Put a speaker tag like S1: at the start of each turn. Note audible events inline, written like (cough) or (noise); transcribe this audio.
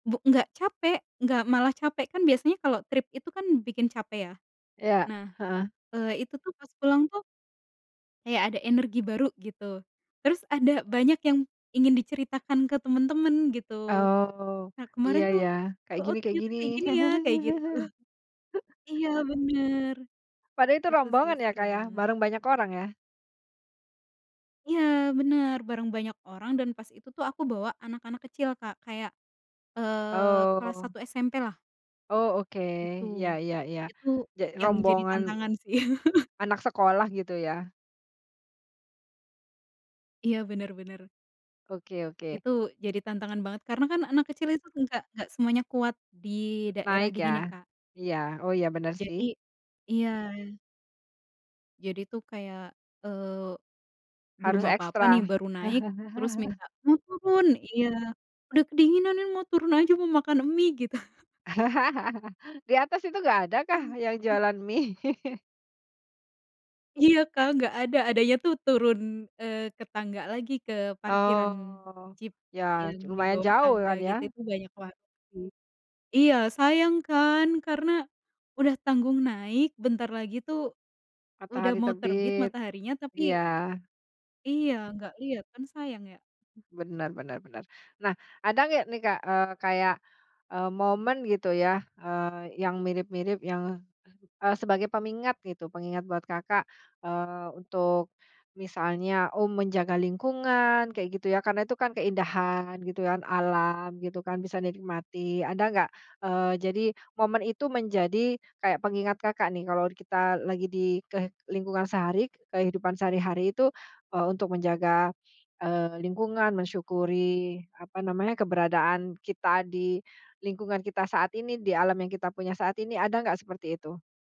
S1: Bu nggak capek, nggak malah capek, kan biasanya kalau trip itu kan bikin capek ya.
S2: Iya,
S1: Nah,
S2: heeh.
S1: eee, itu tuh pas pulang tuh kayak ada energi baru gitu. Terus ada banyak yang ingin diceritakan ke temen-temen gitu.
S2: Oh.
S1: Nah
S2: Iya
S1: kemarin tuh
S2: ya, kayak
S1: heeh,
S2: gini kayak
S1: "Ternyata
S2: gini.
S1: kayak gini ya," kayak gitu.
S2: (chuckles)
S1: Iya bener.
S2: Padahal itu
S1: Itu sih
S2: rombongan ya,
S1: seru
S2: Kak, ya?
S1: banget.
S2: Bareng banyak orang ya?
S1: Iya bener, bareng banyak orang dan pas itu tuh aku bawa anak-anak kecil, Kak, kayak, eee, kelas
S2: Oh.
S1: 1 SMP lah.
S2: Oh, oke.
S1: Gitu.
S2: Iya iya iya.
S1: Itu
S2: Ja
S1: yang jadi
S2: rombongan
S1: tantangan sih. (chuckles)
S2: anak sekolah gitu ya.
S1: Iya, bener bener.
S2: Oke oke.
S1: Itu jadi tantangan banget karena kan anak kecil itu enggak enggak semuanya kuat di
S2: N
S1: daerah
S2: naik ya.
S1: dingin ya, Kak.
S2: Iya, oh iya bener sih.
S1: Jadi iya. Jadi tuh kayak, eee, belum
S2: Harus
S1: apa-apa nih
S2: ekstra.
S1: baru naik, terus
S2: (chuckles)
S1: minta, "Mau turun," iya, "Udah kedinginan nih, mau turun aja mau makan mie," gitu.
S2: (laughs) Di atas itu nggak ada kah yang
S1: Mhm.
S2: jualan mie? (chuckles)
S1: Iya, Kak, nggak ada, adanya tuh turun, eee, ke tangga lagi ke parkiran
S2: Oh.
S1: Jeep
S2: Ya
S1: yang
S2: cu mayan
S1: dibawah
S2: jauh
S1: tangga
S2: kan
S1: gitu
S2: ya?
S1: itu banyak warung sih. Iya sayang kan, karena udah tanggung naik, bentar lagi tuh, udah
S2: Matahari
S1: mau terbit
S2: terbit.
S1: mataharinya tapi
S2: Iya.
S1: Iya, nggak liat kan sayang ya.
S2: Benar benar benar. Nah ada nggak nih, Kak, eee, kayak, eee, momen gitu ya, eee, yang mirip mirip yang, eee, sebagai pengingat gitu, pengingat buat Kakak, eee, untuk misalnya, oh menjaga lingkungan kayak gitu ya karena tuh kan keindahan gitu kan, alam gitu kan, bisa dinikmati, ada nggak? Eee, jadi momen itu menjadi kayak pengingat Kakak nih kalau kita lagi di ke lingkungan sehari ke kehidupan sehari hari itu, eee, untuk menjaga, eee, lingkungan, mensyukuri apa namanya, keberadaan kita di lingkungan kita saat ini, di alam yang kita punya saat ini, ada nggak seperti itu?